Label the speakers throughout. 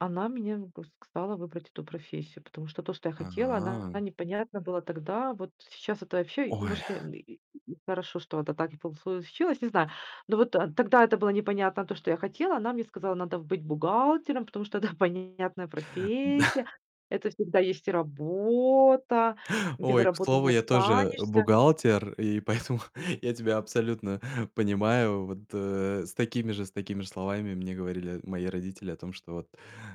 Speaker 1: Она меня кс стала выбрать эту профессию, потому что то, что я хотела, она
Speaker 2: Ага.
Speaker 1: непонятно была тогда. Вот сейчас это вообще,
Speaker 2: Ой.
Speaker 1: может, и м и и х хорошо, что это так и полслу чилось. Не знаю, но вот, а, тогда это было непонятно то, что я хотела. Она мне сказала: "Надо в быть бухгалтером, потому что это понятная профессия,
Speaker 2: Да.
Speaker 1: это всегда есть работа. Без
Speaker 2: Ой, к
Speaker 1: работы
Speaker 2: слову,
Speaker 1: не
Speaker 2: я тоже, э,
Speaker 1: останешься".
Speaker 2: бухгалтер, и поэтому я тебя абсолютно понимаю. Вот, э, с такими же с такими же словами мне говорили мои родители о том, что, вот,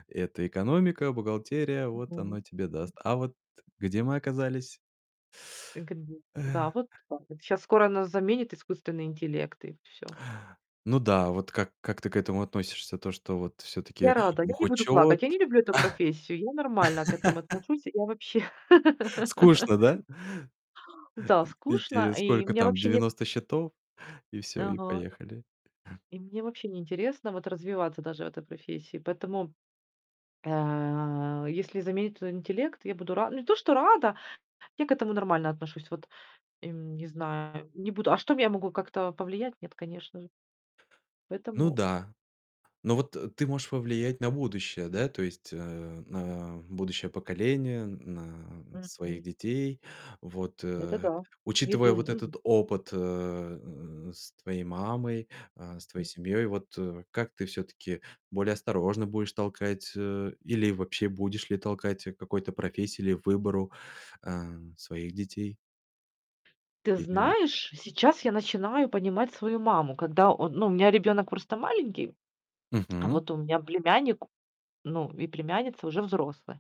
Speaker 2: это экономика, бухгалтерия, вот
Speaker 1: Мгм.
Speaker 2: оно тебе
Speaker 1: М.
Speaker 2: даст, а вот где мы оказались?
Speaker 1: [unintelligible]
Speaker 2: Э.
Speaker 1: Да, вот ладно, щас скоро нас заменит искусственный интеллект, и всё.
Speaker 2: Ну да, вот как, как ты к этому относишься, то, что вот
Speaker 1: Я
Speaker 2: всё-таки
Speaker 1: рада, я не буду
Speaker 2: бухучет
Speaker 1: плакать. Я не люблю эту профессию, я нормально к этому отношусь. Я вообще
Speaker 2: Скучно, да?
Speaker 1: Да, скучно,
Speaker 2: Эти,
Speaker 1: и
Speaker 2: сколько
Speaker 1: мне
Speaker 2: там?
Speaker 1: вообще нет
Speaker 2: 90 счетов? И всё, и
Speaker 1: Ага.
Speaker 2: поехали.
Speaker 1: И мне вообще неинтересно, вот, развиваться даже в этой профессии. Поэтому, а, если заменить тот интеллект, я буду ра не то что рада, я к этому нормально отношусь. Вот, эм, не знаю, не буду А что, я могу как-то повлиять? Нет, конечно же.
Speaker 2: Ну
Speaker 1: Поэтому
Speaker 2: да, но вот, э, ты можешь повлиять на будущее, да, то есть, а, на будущее поколение, на своих
Speaker 1: Мгм.
Speaker 2: детей, вот,
Speaker 1: Это
Speaker 2: э,
Speaker 1: да, не
Speaker 2: учитывая
Speaker 1: ду
Speaker 2: вот
Speaker 1: ну.
Speaker 2: этот опыт, э, э, с твоей мамой, э, с твоей
Speaker 1: М.
Speaker 2: семьёй, вот, э, как ты всё-таки более осторожно будешь толкать, э, или вообще будешь ли толкать к какой-то профессии или выбору, э, своих детей?
Speaker 1: Ты
Speaker 2: Или
Speaker 1: знаешь, сейчас я начинаю понимать свою маму, когда он ну, у меня ребёнок просто маленький, а
Speaker 2: Мгм.
Speaker 1: вот у меня племянник, ну, и племянница уже взрослые.